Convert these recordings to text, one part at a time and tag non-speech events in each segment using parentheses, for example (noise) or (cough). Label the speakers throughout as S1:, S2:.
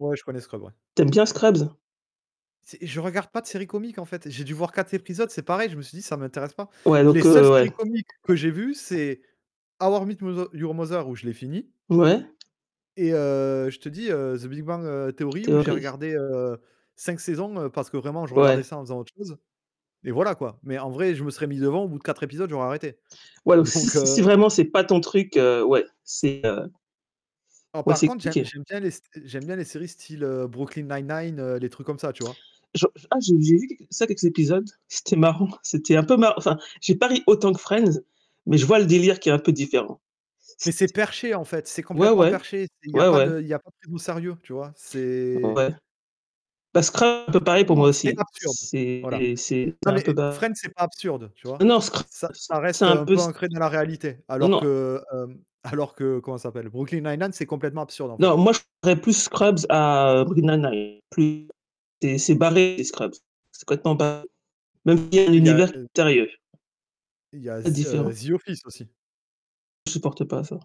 S1: Ouais, je connais Scrubs, ouais.
S2: T'aimes bien Scrubs?
S1: C'est je regarde pas de séries comiques en fait, j'ai dû voir 4 épisodes. C'est pareil, je me suis dit: «Ça m'intéresse pas».
S2: Ouais
S1: Les
S2: donc,
S1: seules
S2: heu, ouais.
S1: séries comiques que j'ai vu, c'est How I Met Mother Your Mother, où je l'ai fini
S2: Ouais.
S1: et heu, je te dis, heu, The Big Bang, heu, Theory où j'ai
S2: Theory.
S1: regardé, heu, 5 saisons, heu, parce que vraiment je regardais
S2: Ouais.
S1: ça en faisant autre chose et voilà quoi, mais en vrai je me serais mis devant au bout de 4 épisodes, j'aurais arrêté
S2: Ouais, alors si
S1: donc, heu
S2: si vraiment c'est pas ton truc, heu, ouais, c'est, heu
S1: Alors
S2: Ouais,
S1: par
S2: c'est
S1: contre, j'aime
S2: compliqué.
S1: j'aime bien les s j'aime bien les séries style, heu, Brooklyn Nine-Nine, heu, les trucs comme ça tu vois?
S2: Jo j ah j'ai j'ai vu quelq ça, quelques épisodes, c'était marrant, c'était un peu mar enfin, j'ai pas autant ri que Friends mais je vois le délire qui est un peu différent.
S1: Mais c'est perché en fait, c'est
S2: Ouais,
S1: complètement
S2: ouais.
S1: perché, c'est il y a
S2: Ouais,
S1: pas
S2: ouais.
S1: de il y a pas de prise au sérieux tu vois, c'est
S2: Ouais. Bah Scrubs un peu pareil pour
S1: Comment,
S2: moi
S1: heu c'est
S2: aussi,
S1: absurde, voilà.
S2: c'est c'est
S1: Non mais
S2: un peu
S1: et
S2: ba
S1: Friends, c'est pas absurde, tu
S2: non,
S1: vois?
S2: non Scru
S1: Ça ça
S2: c'est
S1: reste
S2: un
S1: un
S2: peu
S1: peu
S2: s
S1: ancré dans la réalité
S2: Non
S1: alors
S2: non.
S1: que, hem, alors que, comment ça s'appelle, Brooklyn Nine-Nine c'est complètement absurde en
S2: Non,
S1: fait.
S2: moi je (unintelligible) plus Scrubs à Brooklyn 99 c'est c'est barré Scrubs. C'est complètement ba même si y a un
S1: Où il y a,
S2: univers qui est
S1: heu
S2: mystérieux.
S1: il y a
S2: C'est
S1: The heu,
S2: différent.
S1: The Office aussi.
S2: Je supporte pas ça.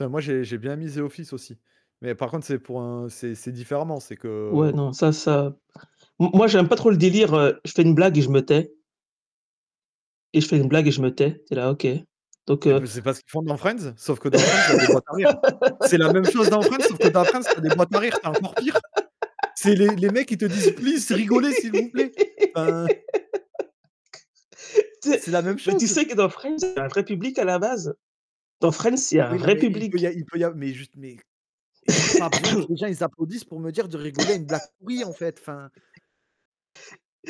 S1: Enfin, moi j'ai j'ai bien mis The Office aussi, mais par contre c'est pour un c'est c'est différemment, c'est
S2: Ouais,
S1: que
S2: non, ça ça m moi j'aime pas trop le délire, heu, je fais une blague et je me tais et je fais une blague et je me tais. Tu es là OK. Donc,
S1: c'est
S2: heu
S1: b c'est pas ce qu'ils font dans Friends, sauf que dans Friends il y a des boîtes à rire. C'est la même chose dans Friends sauf que dans Friends, tu as des boîtes à rire, c'est encore pire. C'est les les mecs ils te disent: «Please, rigolez s'il vous plaît», enfin
S2: (laughs) T
S1: c'est la même
S2: mais tu
S1: chose.
S2: sais que dans Friends c'est un vrai public à la base. Dans Friends il y a un
S1: Oui, non
S2: vrai
S1: mais, il peut
S2: public.
S1: y a il peut y a mais juste mais j'ai pas
S2: (coughs)
S1: besoin que
S2: (clears throat)
S1: les gens ils applaudissent pour me dire de
S2: (laughs)
S1: rigoler à une blague pourrie en fait. Enfin.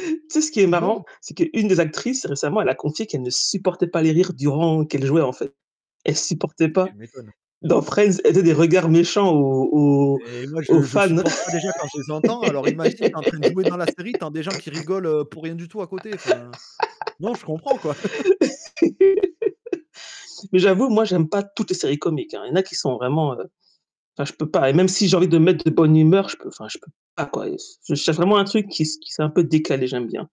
S2: Tu sais ce qui est marrant?
S1: Non.
S2: C'est qu'une des actrices, récemment, elle a confié qu'elle ne supportait pas les rires durant qu'elle jouait en fait. Elle supportait
S1: Bah,
S2: pas.
S1: tu m'étonnes.
S2: Dans Friends, elle faisait des regards méchants aux aux
S1: Et moi
S2: aux
S1: je je
S2: fans. (laughs)
S1: supporte pas déjà quand je les entends. Alors imagine, tu es en train de jouer dans la série, t'en des gens qui rigolent, heu, pour rien du tout à côté. Enfin, non, je comprends quoi. (chuckles)
S2: (laughs) Mais j'avoue, moi, j'aime pas toutes les séries comiques hein. Il y en a qui sont vraiment, heu, enfin je peux pas et même si j'ai envie de me mettre de bonne humeur, je peux, enfin, je peux pas quoi. C'est vraiment un truc qui qui s'est un peu décalé, j'aime bien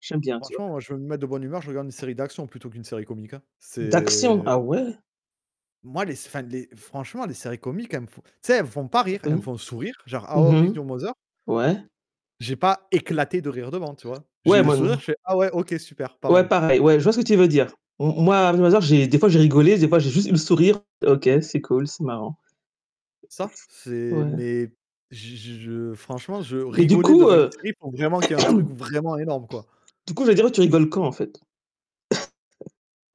S2: j'aime bien, tu vois.
S1: Franchement, moi je veux me mettre de bonne humeur, je regarde une série d'action plutôt qu'une série comique hein,
S2: D'action.
S1: c'est
S2: Ah ouais?
S1: moi les s enfin, les franchement les séries comiques elles me font tu sais elles me font pas rire, elles me
S2: Mmh.
S1: font sourire genre How
S2: Mmh
S1: I Met
S2: mh.
S1: Your Mother
S2: Ouais.
S1: j'ai pas éclaté de rire devant tu vois, j'ai
S2: Ouais,
S1: eu le
S2: moi
S1: sourire,
S2: non
S1: je fais: «Ah ouais. OK. Super. Pas
S2: Ouais
S1: mal».
S2: pareil, ouais, je vois ce que tu veux dire. M m moi How I Meet Your Mother j'ai des fois j'ai rigolé, des fois j'ai juste eu le sourire. OK, c'est cool, c'est marrant.
S1: Ça, c'est
S2: Ouais.
S1: mais je je je franchement je
S2: Mais du
S1: rigoler
S2: coup,
S1: devant une
S2: heu
S1: série, faut vraiment qu'il y a un truc
S2: (clears throat)
S1: vraiment énorme quoi.
S2: Du coup, j'allais dire: «Heu, tu rigoles quand en fait?» (coughs)